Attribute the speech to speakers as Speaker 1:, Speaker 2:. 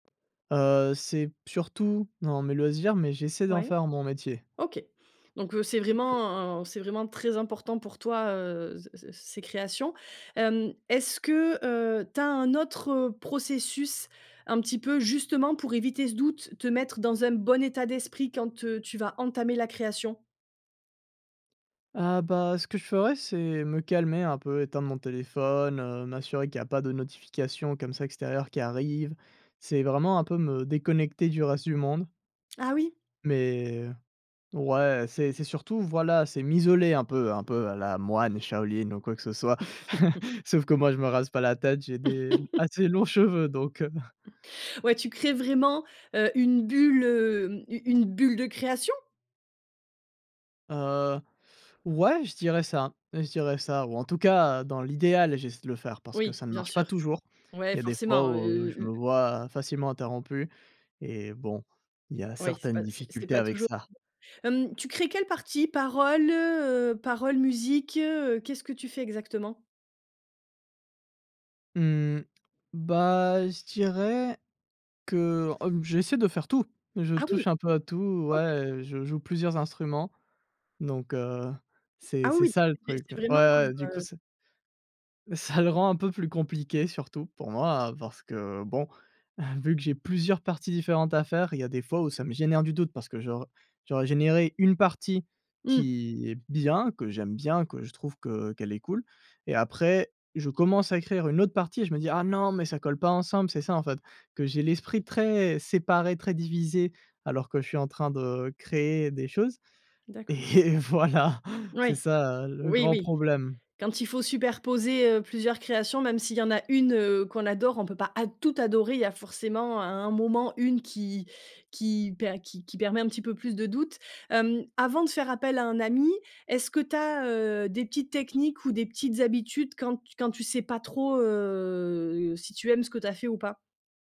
Speaker 1: Heu, c'est p surtout dans mes loisirs. Mais, j'essaie d'en
Speaker 2: Ouais.
Speaker 1: faire mon métier.
Speaker 2: OK. Donc, heu, c'est
Speaker 1: OK.
Speaker 2: vraiment un un c'est vraiment très important pour toi, heu, z z c ces créations. Hem, est-ce que, heu, tu as un autre processus un petit peu, justement, pour éviter ce doute? Te mettre dans un bon état d'esprit quand, heu, tu vas entamer la création?
Speaker 1: Ah bah, ce que je ferais, c'est me calmer un peu, éteindre mon téléphone, heu, m'assurer qu'il y a pas de notifications, comme ça, extérieures qui arrivent. C'est vraiment un peu me déconnecter du reste du monde
Speaker 2: Ah oui?
Speaker 1: mais, ouais, c'est c'est surtout, voilà, c'est m'isoler un peu un peu à la moine Shaolin ou quoi que ce soit. Sauf que, moi, je me rase pas la tête. J'ai des assez longs cheveux donc, heu
Speaker 2: Ouais, tu crées vraiment, heu, une bulle, hem, u une bulle de création?
Speaker 1: Heu, ouais, je dirais ça. Je dirais ça ou, en tout cas, dans l'idéal, j'essaie de le faire parce que
Speaker 2: Oui,
Speaker 1: ça ne
Speaker 2: bien
Speaker 1: marche pas
Speaker 2: sûr.
Speaker 1: toujours. Il
Speaker 2: Ouais,
Speaker 1: y a des fois
Speaker 2: forcément. Heu
Speaker 1: où
Speaker 2: heu
Speaker 1: je me
Speaker 2: heu, u
Speaker 1: vois facilement interrompu et bon, il y a
Speaker 2: Oui, c'est
Speaker 1: certaines
Speaker 2: pas c'est c'est
Speaker 1: difficultés
Speaker 2: pas
Speaker 1: avec
Speaker 2: toujours
Speaker 1: ça.
Speaker 2: [unintelligible] hem, tu crées quelle partie? Parole, heu? Parole, musique, heu? Qu'est-ce que tu fais exactement?
Speaker 1: Mmh. Bah, je dirais que, ob j'essaie de faire tout. Je
Speaker 2: Ah oui!
Speaker 1: touche un peu à tout.
Speaker 2: OK.
Speaker 1: Ouais, je joue plusieurs instruments. Donc, heu, c'est
Speaker 2: Ah oui,
Speaker 1: c'est
Speaker 2: oui!
Speaker 1: ça le
Speaker 2: Des c'est
Speaker 1: truc. Ouais,
Speaker 2: c'est vraiment,
Speaker 1: ouais, du coup,
Speaker 2: heu, heu
Speaker 1: c'est ça le rend un peu plus compliqué surtout pour moi, parce que, bon, vu que j'ai plusieurs parties différentes à faire, il y a des fois où ça me génère du doute parce que j'aur j'aurais généré 1 partie
Speaker 2: Mmh.
Speaker 1: qui est bien, que j'aime bien, que je trouve que, heu, qu'elle est cool et après, je commence à écrire 1 autre partie et je me dis: «Ah non, mais ça colle pas ensemble». C'est ça, en fait, que j'ai l'esprit très séparé, très divisé alors que je suis en train de créer des choses
Speaker 2: D'accord.
Speaker 1: et voilà, c'est
Speaker 2: Ouais.
Speaker 1: ça, heu, le
Speaker 2: Oui,
Speaker 1: grand
Speaker 2: oui.
Speaker 1: problème.
Speaker 2: Quand il faut superposer, heu, plusieurs créations, même s'il y en a 1 heu, qu'on adore, on peut pas ad tout adorer. Il y a forcément à un moment une qui qui per qui qui permet un petit peu plus de doute. Hem, avant de faire appel à un ami, est-ce que tu as, heu, des petites techniques ou des petites habitudes quand t quand tu sais pas trop, heu, si tu aimes ce que tu as fait ou pas?